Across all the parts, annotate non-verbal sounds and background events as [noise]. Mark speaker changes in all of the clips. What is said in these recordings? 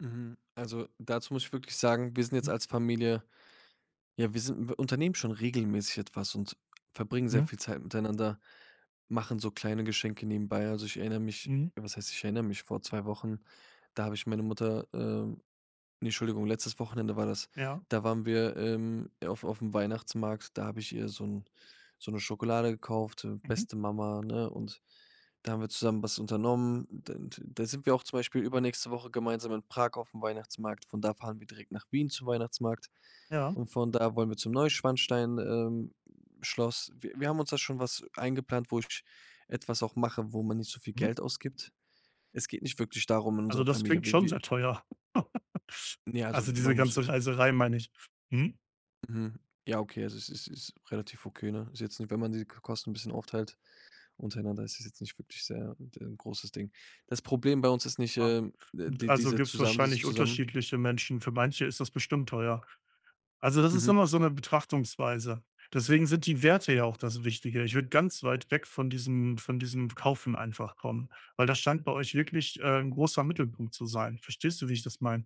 Speaker 1: Mhm, also, dazu muss ich wirklich sagen, wir sind jetzt
Speaker 2: Mhm.
Speaker 1: als Familie ja, wir sind wir unternehmen schon regelmäßig etwas und verbringen sehr
Speaker 2: Ja.
Speaker 1: viel Zeit miteinander, machen so kleine Geschenke nebenbei. Also, ich erinnere mich
Speaker 2: Mhm.
Speaker 1: was heißt, ich erinnere mich, vor 2 Wochen, da habe ich meine Mutter, ähm ne, Entschuldigung, letztes Wochenende war das,
Speaker 2: Ja.
Speaker 1: da waren wir im auf aufm Weihnachtsmarkt, da hab ich ihr so 'n so 'ne Schokolade gekauft, ähm,
Speaker 2: Mhm.
Speaker 1: beste Mama, ne? Und da haben wir zusammen was unternommen. Dann dann da sind wir auch zum Beispiel übernächste Woche gemeinsam in Prag aufm Weihnachtsmarkt. Von da fahren direkt nach Wien zum Weihnachtsmarkt
Speaker 2: Ja.
Speaker 1: und von da wollen wir zum Neuschwanstein ähm, Schloss. Wi wir haben uns da schon was eingeplant, wo ich etwas auch mache, wo man nicht so viel
Speaker 2: Mhm.
Speaker 1: Geld ausgibt. Es geht nicht wirklich darum in
Speaker 2: Also,
Speaker 1: unserer
Speaker 2: das
Speaker 1: Familie.
Speaker 2: klingt
Speaker 1: Wi
Speaker 2: schon
Speaker 1: wi
Speaker 2: sehr teuer. [laughs]
Speaker 1: Ne, also
Speaker 2: Also diese
Speaker 1: man muss, äh
Speaker 2: ganze Reiserei, meine ich. Mhm.
Speaker 1: Mhm, ja, okay, also es ist ist ist relativ okay, ne? Ist jetzt nicht wenn man die Ko Kosten 'n bisschen aufteilt untereinander, ist es jetzt nicht wirklich sehr 'n d großes Ding. Das Problem bei uns ist nicht,
Speaker 2: Ah.
Speaker 1: ähm,
Speaker 2: Und,
Speaker 1: die
Speaker 2: also
Speaker 1: diese
Speaker 2: gibt's
Speaker 1: zusammen dieses
Speaker 2: wahrscheinlich
Speaker 1: zusammen
Speaker 2: unterschiedliche Menschen. Für manche ist das bestimmt teuer. Also, das ist
Speaker 1: Mhm.
Speaker 2: immer so 'ne Betrachtungsweise. Deswegen sind die Werte ja auch das Wichtige. Ich würde ganz weit weg von diesem von diesem Kaufen einfach kommen, weil das scheint bei euch wirklich, äh, 'n großer Mittelpunkt zu sein. Verstehst du, wie ich das meine?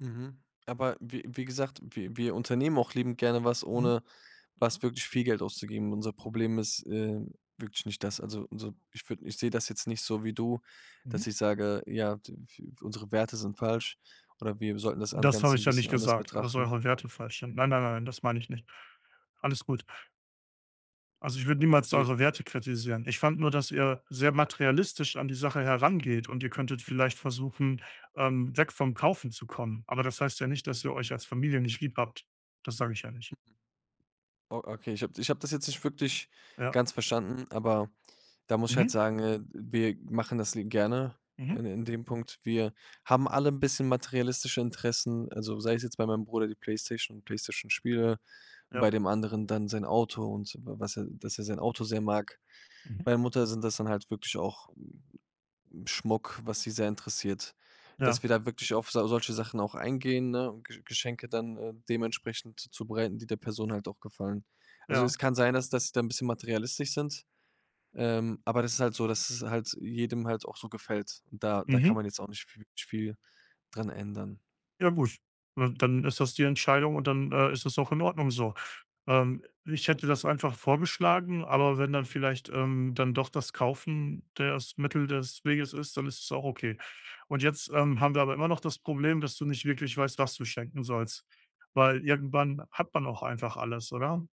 Speaker 1: Mhm, aber wie wie gesagt, wir wir unternehmen auch liebend gerne was,
Speaker 2: Mhm.
Speaker 1: ohne was wirklich viel Geld auszugeben. Unser Problem ist, ähm, wirklich nicht das. Also, unser ich würd ich sehe das jetzt nicht so wie du, dass
Speaker 2: Mhm.
Speaker 1: ich sage: „Ja, d w unsere Werte sind falsch oder wir sollten das an
Speaker 2: Das habe
Speaker 1: Ganze
Speaker 2: ich
Speaker 1: 'n
Speaker 2: ja nicht
Speaker 1: bisschen anders
Speaker 2: gesagt, dass
Speaker 1: betrachten.”
Speaker 2: eure Werte falsch sind. Nein, nein, nein, nein, das meine ich nicht. Alles gut. Also, ich würde niemals
Speaker 1: E
Speaker 2: eure Werte kritisieren. Ich fand nur, dass ihr sehr materialistisch an die Sache herangeht und ihr könntet vielleicht versuchen, ähm, weg vom Kaufen zu kommen. Aber das heißt ja nicht, dass ihr euch als Familie nicht lieb habt. Das sage ich ja nicht.
Speaker 1: O okay, ich hab ich hab das jetzt nicht wirklich
Speaker 2: Ja.
Speaker 1: ganz verstanden, aber da muss ich halt
Speaker 2: Mhm.
Speaker 1: sagen, äh, wir machen das i gerne
Speaker 2: Mhm.
Speaker 1: in in dem Punkt. Wir haben alle 'n bisschen materialistische Interessen, also, sei es jetzt bei meinem Bruder die Playstation, Playstation Spiele, bei
Speaker 2: Ja.
Speaker 1: dem anderen dann sein Auto und was er dass er sein Auto sehr mag.
Speaker 2: Mhm.
Speaker 1: Bei der Mutter sind das dann halt wirklich auch Schmuck, was sie sehr interessiert,
Speaker 2: Ja.
Speaker 1: dass wir da wirklich auf sa solche Sachen auch eingehen, ne, und Ge Geschenke dann, äh, dementsprechend zubereiten, die der Person halt auch gefallen. Also, es
Speaker 2: Ja.
Speaker 1: kann sein, dass das da 'n bisschen materialistisch sind, ähm, aber das ist halt so, dass es halt jedem halt auch so gefällt und da da kann
Speaker 2: Mhm.
Speaker 1: man jetzt auch nicht v wirklich viel dran ändern.
Speaker 2: Ja gut, ne, dann ist das die Entscheidung und dann, äh, ist das auch in Ordnung so. Ähm, ich hätte das einfach vorgeschlagen, aber wenn dann vielleicht, ähm, dann doch das Kaufen das Mittel des Weges ist, dann ist es auch okay. Und jetzt, ähm, haben wir aber immer noch das Problem, dass du nicht wirklich weißt, was du schenken sollst, weil irgendwann hat man auch einfach alles, oder?